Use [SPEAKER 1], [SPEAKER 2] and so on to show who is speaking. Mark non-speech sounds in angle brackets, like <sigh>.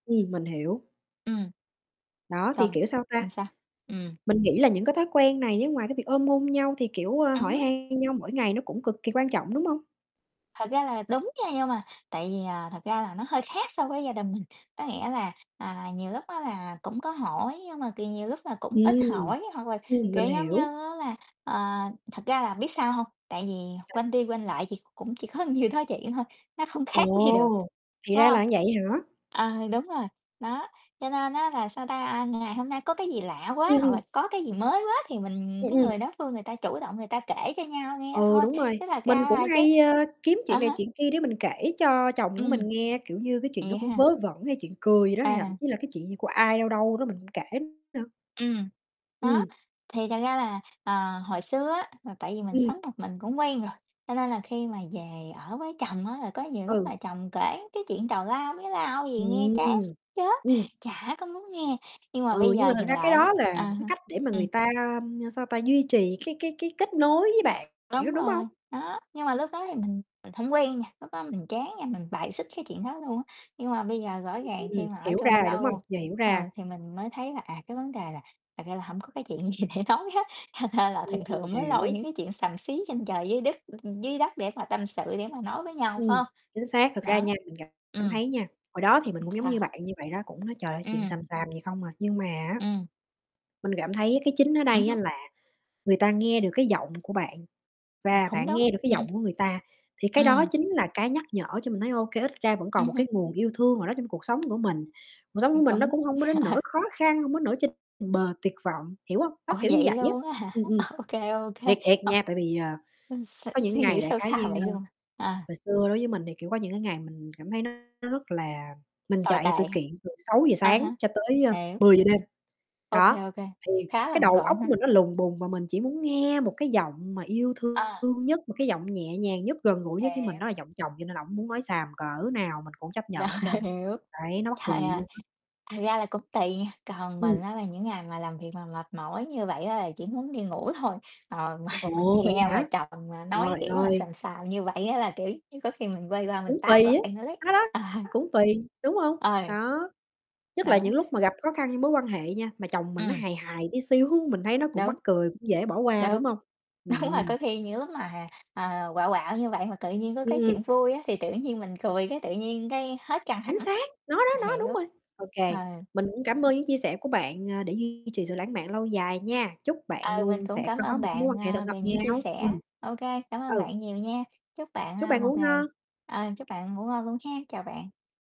[SPEAKER 1] Ừm, mình hiểu.
[SPEAKER 2] Ừm.
[SPEAKER 1] Đó, thì
[SPEAKER 2] Không,
[SPEAKER 1] kiểu, sao ta,
[SPEAKER 2] làm sao? Ừm.
[SPEAKER 1] mình nghĩ là những cái thói quen này á ngoài cái việc ôm hôn nhau thì, kiểu, ơ,
[SPEAKER 2] Ừm
[SPEAKER 1] hỏi
[SPEAKER 2] hứm.
[SPEAKER 1] han nhau mỗi ngày nó cũng cực kỳ quan trọng, đúng hông?
[SPEAKER 2] Thật ra là đúng nha, nhưng mà tại vì, à, thật ra là nó hơi khác so với gia đình mình. Có nghĩa là, à, nhiều lúc á, là cũng có hỏi nhưng mà, kiểu, nhiều lúc là cũng ít
[SPEAKER 1] Ừm,
[SPEAKER 2] hỏi. Hoặc là
[SPEAKER 1] ừm,
[SPEAKER 2] kiểu
[SPEAKER 1] mình
[SPEAKER 2] giống như
[SPEAKER 1] hiểu.
[SPEAKER 2] á, là, ờ thật ra là biết sao hông? Tại vì
[SPEAKER 1] À.
[SPEAKER 2] quanh đi quanh lại thì cũng chỉ có nhiêu đó chuyện thôi, nó không khác gì được,
[SPEAKER 1] Ồ, thì
[SPEAKER 2] phải
[SPEAKER 1] ra
[SPEAKER 2] hông?
[SPEAKER 1] là vậy hả?
[SPEAKER 2] À, đúng rồi, đó. Cho nên á, là sao ta, ngày hôm nay có cái gì lạ
[SPEAKER 1] Ừm,
[SPEAKER 2] quá hoặc
[SPEAKER 1] ừm.
[SPEAKER 2] là có cái gì mới quá thì mình
[SPEAKER 1] Ừm,
[SPEAKER 2] cái
[SPEAKER 1] ừm.
[SPEAKER 2] người đối phương người ta chủ động người ta kể cho nhau nghe
[SPEAKER 1] Ừ,
[SPEAKER 2] thôi.
[SPEAKER 1] đúng rồi.
[SPEAKER 2] Chứ thực
[SPEAKER 1] Mình
[SPEAKER 2] ra
[SPEAKER 1] cũng
[SPEAKER 2] là chứ
[SPEAKER 1] hay, ơ, kiếm
[SPEAKER 2] à
[SPEAKER 1] chuyện này
[SPEAKER 2] há.
[SPEAKER 1] chuyện kia để mình kể cho chồng của
[SPEAKER 2] Ừm.
[SPEAKER 1] mình nghe, kiểu như cái chuyện nó
[SPEAKER 2] Vậy
[SPEAKER 1] cũng
[SPEAKER 2] ha?
[SPEAKER 1] vớ vẩn hay chuyện cười gì đó, hay thậm
[SPEAKER 2] À.
[SPEAKER 1] chí là cái chuyện gì của ai đâu đâu đó mình cũng kể nữa.
[SPEAKER 2] Ừm, đó.
[SPEAKER 1] Ừm.
[SPEAKER 2] Thì thật ra là, ờ, hồi xưa á, là tại vì mình
[SPEAKER 1] Ừm.
[SPEAKER 2] sống một mình cũng quen rồi. Cho nên là khi mà về ở với chồng á, là có nhiều lúc
[SPEAKER 1] Ừ.
[SPEAKER 2] là chồng kể cái chuyện tào lao mía lau gì nghe chán
[SPEAKER 1] Ừm,
[SPEAKER 2] chết,
[SPEAKER 1] ừm.
[SPEAKER 2] chả có muốn nghe. Nhưng mà
[SPEAKER 1] Ừ,
[SPEAKER 2] bây
[SPEAKER 1] nhưng
[SPEAKER 2] giờ
[SPEAKER 1] mà thật
[SPEAKER 2] nhìn
[SPEAKER 1] ra cái
[SPEAKER 2] lại á
[SPEAKER 1] đó là
[SPEAKER 2] à
[SPEAKER 1] một cái
[SPEAKER 2] ha,
[SPEAKER 1] cách để mà
[SPEAKER 2] ừm.
[SPEAKER 1] người ta, sao ta, duy trì cái cái cái kết nối với bạn,
[SPEAKER 2] Đúng
[SPEAKER 1] đúng hông?
[SPEAKER 2] rồi, đó. Nhưng mà lúc đó thì mình mình hổng quen nha, lúc đó mình chán nha, mình bài xích cái chuyện đó luôn á. Nhưng mà bây giờ rõ ràng khi
[SPEAKER 1] Ừm,
[SPEAKER 2] mà ở
[SPEAKER 1] hiểu
[SPEAKER 2] chung
[SPEAKER 1] ra rồi, đúng hông?
[SPEAKER 2] lâu,
[SPEAKER 1] Giờ hiểu ra.
[SPEAKER 2] ờ, thì mình mới thấy là, à, cái vấn đề là thật ra là hổng có cái chuyện gì để nói hết. Thành ra là
[SPEAKER 1] Ừm,
[SPEAKER 2] thường thường mới lôi
[SPEAKER 1] hiểu.
[SPEAKER 2] những cái chuyện xàm xí trên trời dưới đất dưới đất để mà tâm sự, để mà nói với nhau, phải
[SPEAKER 1] Ừm,
[SPEAKER 2] hông?
[SPEAKER 1] chính xác, thực ra
[SPEAKER 2] Đó,
[SPEAKER 1] nha, mình cảm
[SPEAKER 2] ừm.
[SPEAKER 1] thấy nha, hồi đó thì mình
[SPEAKER 2] Ừm,
[SPEAKER 1] cũng giống
[SPEAKER 2] sao?
[SPEAKER 1] như bạn như vậy đó, cũng nói trời ơi chuyện
[SPEAKER 2] Ừm.
[SPEAKER 1] xàm xàm gì không à. Nhưng mà á,
[SPEAKER 2] Ừm.
[SPEAKER 1] mình cảm thấy cái chính ở
[SPEAKER 2] Ừm
[SPEAKER 1] đây á
[SPEAKER 2] hưm.
[SPEAKER 1] là người ta nghe được cái giọng của bạn
[SPEAKER 2] Ừm,
[SPEAKER 1] và
[SPEAKER 2] cũng
[SPEAKER 1] bạn
[SPEAKER 2] đúng,
[SPEAKER 1] nghe được cái giọng
[SPEAKER 2] ừm.
[SPEAKER 1] của người ta. Thì cái đó
[SPEAKER 2] Ừm.
[SPEAKER 1] chính là cái nhắc nhở cho mình thấy, ô kê, ít ra vẫn còn
[SPEAKER 2] Ừm
[SPEAKER 1] một
[SPEAKER 2] hưm.
[SPEAKER 1] cái nguồn yêu thương nào đó trong cuộc sống của mình. Cuộc sống của
[SPEAKER 2] Ừm,
[SPEAKER 1] mình nó
[SPEAKER 2] cũng
[SPEAKER 1] cũng hông có đến
[SPEAKER 2] <laughs>
[SPEAKER 1] nỗi khó khăn, hông có đến nỗi trên bờ tuyệt vọng, hiểu hông? Đó,
[SPEAKER 2] Ủa,
[SPEAKER 1] kiểu như
[SPEAKER 2] vậy
[SPEAKER 1] vậy á,
[SPEAKER 2] luôn á hả?
[SPEAKER 1] ừm, ừm.
[SPEAKER 2] Ô kê, ô kê,
[SPEAKER 1] Thiệt, thiệt
[SPEAKER 2] ờ.
[SPEAKER 1] nha. Tại vì, ờ,
[SPEAKER 2] Ư, s
[SPEAKER 1] có những
[SPEAKER 2] suy nghĩ
[SPEAKER 1] ngày đại
[SPEAKER 2] sâu
[SPEAKER 1] khái
[SPEAKER 2] xa
[SPEAKER 1] như,
[SPEAKER 2] vậy
[SPEAKER 1] ơ
[SPEAKER 2] luôn. À.
[SPEAKER 1] hồi xưa đối với mình thì, kiểu, có những cái ngày mình cảm thấy nó rất là mình
[SPEAKER 2] Tồi tệ,
[SPEAKER 1] chạy sự kiện từ 6:00
[SPEAKER 2] a
[SPEAKER 1] sáng
[SPEAKER 2] há,
[SPEAKER 1] cho tới, ơ,
[SPEAKER 2] hiểu.
[SPEAKER 1] 10:00 đêm,
[SPEAKER 2] Ô kê,
[SPEAKER 1] đó.
[SPEAKER 2] ô kê,
[SPEAKER 1] Thì
[SPEAKER 2] khá là
[SPEAKER 1] cái
[SPEAKER 2] bận
[SPEAKER 1] đầu óc
[SPEAKER 2] rộn
[SPEAKER 1] của
[SPEAKER 2] ha.
[SPEAKER 1] mình nó lùng bùng và mình chỉ muốn nghe một cái giọng mà yêu thương
[SPEAKER 2] À.
[SPEAKER 1] nhất, một cái giọng nhẹ nhàng nhất, gần gũi nhất với mình,
[SPEAKER 2] Hiểu.
[SPEAKER 1] đó là giọng chồng, cho nên là ổng muốn nói xàm cỡ nào mình cũng chấp
[SPEAKER 2] Rồi,
[SPEAKER 1] nhận trơn.
[SPEAKER 2] hiểu,
[SPEAKER 1] Đấy, nó mắc
[SPEAKER 2] trời
[SPEAKER 1] cười vậy
[SPEAKER 2] ơi,
[SPEAKER 1] luôn á.
[SPEAKER 2] thật ra là cũng tùy nha. Còn mình
[SPEAKER 1] Ừm.
[SPEAKER 2] á, là những ngày mà làm việc mà mệt mỏi như vậy á, là chỉ muốn đi ngủ thôi. Ờ, mà mình
[SPEAKER 1] Ồ, vậy
[SPEAKER 2] nghe mà
[SPEAKER 1] hả,
[SPEAKER 2] chồng mà nói
[SPEAKER 1] rồi,
[SPEAKER 2] kiểu mà
[SPEAKER 1] ơi.
[SPEAKER 2] xàm xàm như vậy á, là, kiểu như, có khi mình quay qua mình
[SPEAKER 1] Cũng tùy
[SPEAKER 2] tát mặt
[SPEAKER 1] á.
[SPEAKER 2] anh ấy.
[SPEAKER 1] Đó, đó,
[SPEAKER 2] Ờ.
[SPEAKER 1] cũng tùy, đúng hông?
[SPEAKER 2] Ờ.
[SPEAKER 1] Đó, nhất là
[SPEAKER 2] Đó.
[SPEAKER 1] những lúc mà gặp khó khăn với mối quan hệ nha, mà chồng mình nó
[SPEAKER 2] Ừm.
[SPEAKER 1] hài hài tí xíu, mình thấy nó cũng
[SPEAKER 2] Đúng.
[SPEAKER 1] mắc cười, cũng dễ bỏ qua,
[SPEAKER 2] Đúng,
[SPEAKER 1] đúng hông?
[SPEAKER 2] đúng rồi,
[SPEAKER 1] Ừm.
[SPEAKER 2] có khi những lúc mà, ờ, quạo quạo như vậy mà tự nhiên có cái
[SPEAKER 1] Ừm.
[SPEAKER 2] chuyện vui á, thì tự nhiên mình cười cái tự nhiên cái hết căng
[SPEAKER 1] Chính
[SPEAKER 2] thẳng.
[SPEAKER 1] xác. Nó đó, nó, đúng
[SPEAKER 2] Hiểu.
[SPEAKER 1] rồi. Ô
[SPEAKER 2] Ừ.
[SPEAKER 1] kê, mình cũng cảm ơn những chia sẻ của bạn, à, để duy trì sự lãng mạn lâu dài nha. Chúc bạn
[SPEAKER 2] Ờ, mình
[SPEAKER 1] luôn
[SPEAKER 2] cũng
[SPEAKER 1] sẽ
[SPEAKER 2] cảm
[SPEAKER 1] có
[SPEAKER 2] ơn
[SPEAKER 1] một cái mối
[SPEAKER 2] bạn,
[SPEAKER 1] quan hệ thật
[SPEAKER 2] ờ,
[SPEAKER 1] ngọt
[SPEAKER 2] về những chia
[SPEAKER 1] ngào.
[SPEAKER 2] sẻ.
[SPEAKER 1] Ừm.
[SPEAKER 2] Ô kê, cảm ơn
[SPEAKER 1] Ừ.
[SPEAKER 2] bạn nhiều nha. Chúc bạn,
[SPEAKER 1] Chúc
[SPEAKER 2] à,
[SPEAKER 1] bạn
[SPEAKER 2] một
[SPEAKER 1] ngủ
[SPEAKER 2] ngày
[SPEAKER 1] ngon.
[SPEAKER 2] ờ, chúc bạn ngủ ngon luôn há, chào bạn.